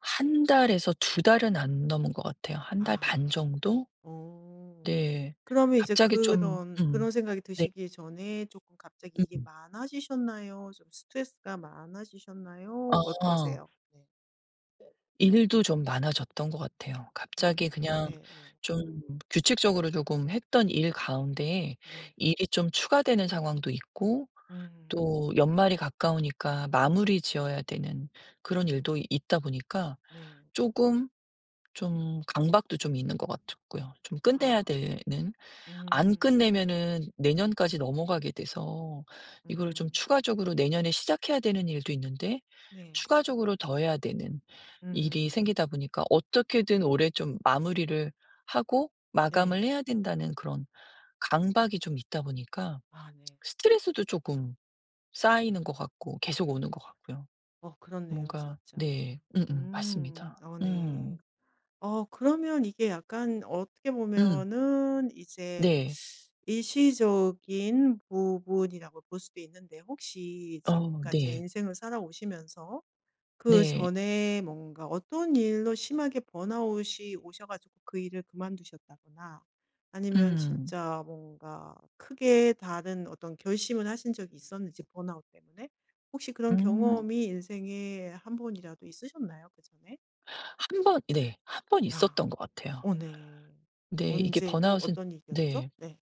1 달에서 2 달은 안 넘은 것 같아요. 1 달 반 아. 정도? 어 네. 그러면 이제 갑자기 좀 그런 그런 음. 생각이 네. 드시기 전에 쪼금 갑자기 일이 음. 많아지셨나요? 좀 스트레스가 많아지셨나요? 아. 어떠세요? 네. 일도 좀 많아졌던 것 같아요. 음. 갑자기 그냥 네. 네. 좀 규칙적으로 조금 했던 일 가운데 네. 일이 좀 추가되는 상황도 있고 음. 또 연말이 가까우니까 마무리 지어야 되는 그런 음. 일도 있다 보니까 네. 쪼금 좀 강박도 좀 있는 것 같았고요. 좀 끝내야 아. 되는 안 음. 끝내면은 내년까지 넘어가게 돼서 이거를 좀 음. 추가적으로 내년에 시작해야 되는 일도 있는데 네. 추가적으로 더 해야 되는 일이 음. 생기다 보니까 어떻게든 올해 좀 마무리를 하고 마감을 네. 해야 된다는 그런 강박이 좀 있다 보니까 아 네. 스트레스도 쪼금 쌓이는 것 같고 계속 오는 것 같고요. 어 그렇네요 뭔가 진짜. 네 음음. 음. 맞습니다. 어. 음. 네. 어 그러면 이게 약간 어떻게 음. 보면은 이제 네. 일시적인 부분이라고 볼 수도 있는데 혹시 어. 지금까지 네. 인생을 살아오시면서 네. 그전에 뭔가 어떤 일로 심하게 번아웃이 오셔 가지고 그 일을 그만두셨다거나 아니면 음. 진짜 뭔가 크게 다른 어떤 결심을 하신 적이 있었는지 번아웃 때문에. 혹시 그런 음. 경험이 인생에 한 번이라도 있으셨나요? 그전에? 1 번. 네. 1 번 아. 있었던 것 같아요. 어 네. 네. 이게 언제고 번아웃은 어떤 일이였죠? 네. 네.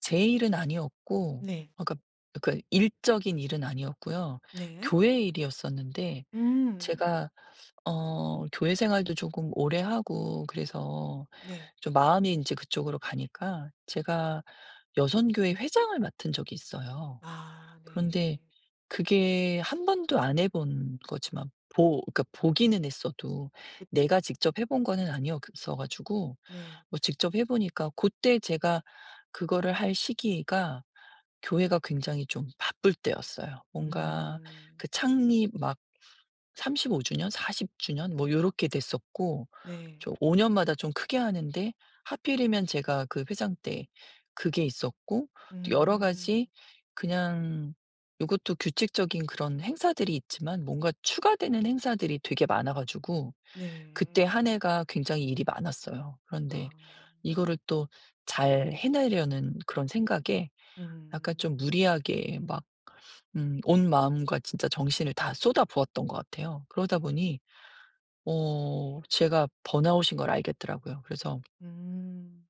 제 일은 아니었고 네. 그러니까 그러니까 일적인 일은 아니었고요. 네. 교회 일이었었는데 음. 제가 어 교회 생활도 쪼금 오래하고 그래서 네. 좀 마음이 인제 그쪽으로 가니까 제가 여선교회 회장을 맡은 적이 있어요. 아. 그런데 네. 그게 1 번도 안 해본 거지만 보 그러니까 보기는 했어도 그쵸. 내가 직접 해 본 거는 아니였어 가지고 네. 뭐 직접 해 보니까 고때 제가 그거를 할 시기가 교회가 굉장히 좀 바쁠 때였어요. 뭔가 음. 그 창립 막 35 주년 40 주년 뭐 요렇게 됐었고 네. 좀 5 년마다 좀 크게 하는데 하필이면 제가 그 회장 때 그게 있었고 또 여러 음. 가지 그냥 요것도 규칙적인 그런 행사들이 있지만 뭔가 추가되는 행사들이 되게 많아 가지고 그때 네. 한 해가 굉장히 일이 많았어요. 그런데 아. 이거를 또 잘 해내려는 그런 생각에 약간 음. 좀 무리하게 막 음 온 마음과 진짜 정신을 다 쏟아부었던 것 같아요. 그러다 음. 보니 어 제가 번아웃인 걸 알겠더라고요. 그래서 음.